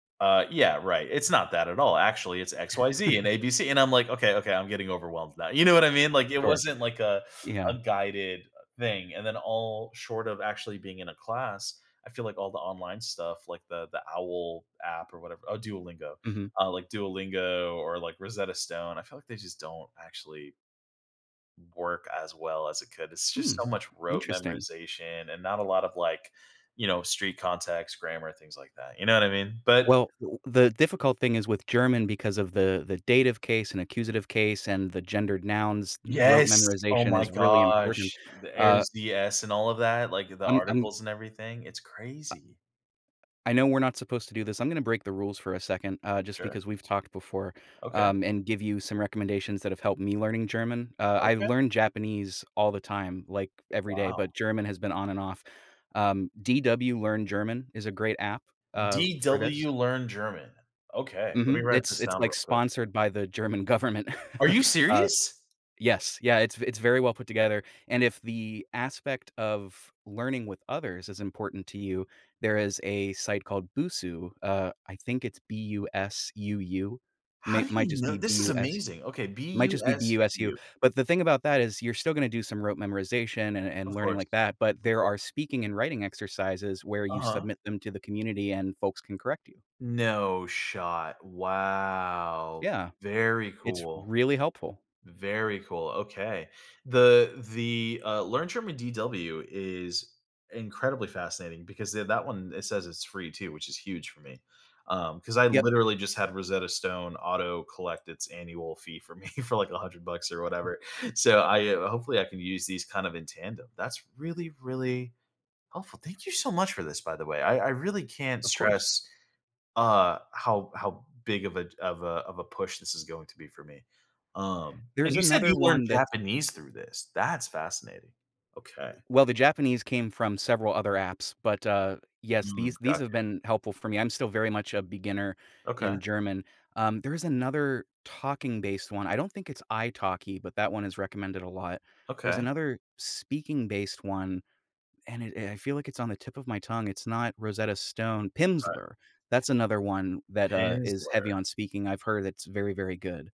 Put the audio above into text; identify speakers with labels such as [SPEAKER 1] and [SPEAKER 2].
[SPEAKER 1] Uh, yeah, right, it's not that at all, actually, it's XYZ and ABC, and, I'm like, "Okay, okay. I'm getting overwhelmed now," you know what I mean? Like, it
[SPEAKER 2] Sure.
[SPEAKER 1] wasn't like a a
[SPEAKER 2] Yeah.
[SPEAKER 1] guided thing, and then all short of actually being in a class, I feel like all the online stuff, like the the owl app or whatever Oh, Duolingo,
[SPEAKER 2] Mhm.
[SPEAKER 1] uh, like Duolingo or, like, Rosetta Stone, I feel like they just don't actually work as well as it could, it's just
[SPEAKER 2] Hmm.
[SPEAKER 1] so much rote
[SPEAKER 2] Interesting.
[SPEAKER 1] memorization and not a lot of, like, you know, street context, grammar, things like that, you know what I mean? But
[SPEAKER 2] Well, t the difficult thing is with German because of the the dative case and accusative case and the gendered nouns, rote
[SPEAKER 1] Yes. Oh
[SPEAKER 2] memorization
[SPEAKER 1] my
[SPEAKER 2] is really important,
[SPEAKER 1] gosh. The
[SPEAKER 2] uh
[SPEAKER 1] "-ers," the "-s" and all of that, like in the
[SPEAKER 2] I'm I'm
[SPEAKER 1] articles and everything, it's
[SPEAKER 2] I
[SPEAKER 1] crazy.
[SPEAKER 2] I know we're not supposed to do this, I'm gonna break the rules for a second, uh,
[SPEAKER 1] [unintelligible]
[SPEAKER 2] just
[SPEAKER 1] Sure.
[SPEAKER 2] because we've talked before,
[SPEAKER 1] Okay.
[SPEAKER 2] um, and give you some recommendations that have helped me learning German, uh, I
[SPEAKER 1] Okay.
[SPEAKER 2] learn Japanese all the time, like, every day,
[SPEAKER 1] Wow.
[SPEAKER 2] but German has been on and off. Um, DW Learn German is a great app, uh, for this.
[SPEAKER 1] DW Learn German. Okay, let me
[SPEAKER 2] Mhm,
[SPEAKER 1] write
[SPEAKER 2] it's
[SPEAKER 1] this
[SPEAKER 2] it's,
[SPEAKER 1] down
[SPEAKER 2] like,
[SPEAKER 1] real quick.
[SPEAKER 2] sponsored by the German government.
[SPEAKER 1] Are you
[SPEAKER 2] Uh
[SPEAKER 1] serious?
[SPEAKER 2] Yes, yeah, it's it's very well put together, and if the aspect of learning with others is important to you, there is a site called Busuu, uh, I think it's B-U-S-U-U.
[SPEAKER 1] How
[SPEAKER 2] May
[SPEAKER 1] do
[SPEAKER 2] might
[SPEAKER 1] you
[SPEAKER 2] just be
[SPEAKER 1] kn This is
[SPEAKER 2] B-U-S
[SPEAKER 1] amazing. Okay,
[SPEAKER 2] might just be B-U-S-U,
[SPEAKER 1] B-U-S-U-U.
[SPEAKER 2] but, the thing about that is you're still gonna do some rote memorization and and
[SPEAKER 1] Of
[SPEAKER 2] learning
[SPEAKER 1] course.
[SPEAKER 2] like that, but
[SPEAKER 1] of
[SPEAKER 2] there
[SPEAKER 1] course.
[SPEAKER 2] are speaking and writing exercises where you
[SPEAKER 1] Uh-huh.
[SPEAKER 2] submit them to the community and folks can correct you.
[SPEAKER 1] No shot. Wow.
[SPEAKER 2] Yeah.
[SPEAKER 1] Very
[SPEAKER 2] It's
[SPEAKER 1] cool.
[SPEAKER 2] really helpful.
[SPEAKER 1] Very cool, okay. The the, uh, Learn German DW is incredibly fascinating because th that one, it says it's free too, which is huge for me, um, 'cause I
[SPEAKER 2] Yep.
[SPEAKER 1] literally just had Rosetta Stone auto collect its annual fee for me for like 100 bucks or whatever. So, I hopefully I can use these, kind of, in tandem. That's really, really helpful, thank you so much for this, by the way. I I really can't
[SPEAKER 2] Of course.
[SPEAKER 1] stress, uh, how how big of a j of a of a push this is going to be for me. Um, and
[SPEAKER 2] There's
[SPEAKER 1] you said you
[SPEAKER 2] another
[SPEAKER 1] learned
[SPEAKER 2] one that's
[SPEAKER 1] Japanese through this, that's fascinating, okay.
[SPEAKER 2] Well, the Japanese came from several other apps, but, uh, yes,
[SPEAKER 1] Mm,
[SPEAKER 2] these these
[SPEAKER 1] got
[SPEAKER 2] have
[SPEAKER 1] you.
[SPEAKER 2] been helpful for me, I'm still very much a beginner
[SPEAKER 1] Okay.
[SPEAKER 2] in German, um, there is another talking-based one, I don't think it's Italki, but that one is recommended a lot. There's
[SPEAKER 1] Okay.
[SPEAKER 2] another speaking-based one, and it I feel like it's on the tip of my tongue, it's not Rosetta Stone
[SPEAKER 1] Right.
[SPEAKER 2] Pimsleur,
[SPEAKER 1] P
[SPEAKER 2] that's another one that, uh, is heavy
[SPEAKER 1] Pimsleur.
[SPEAKER 2] on speaking, I've heard it's very, very good.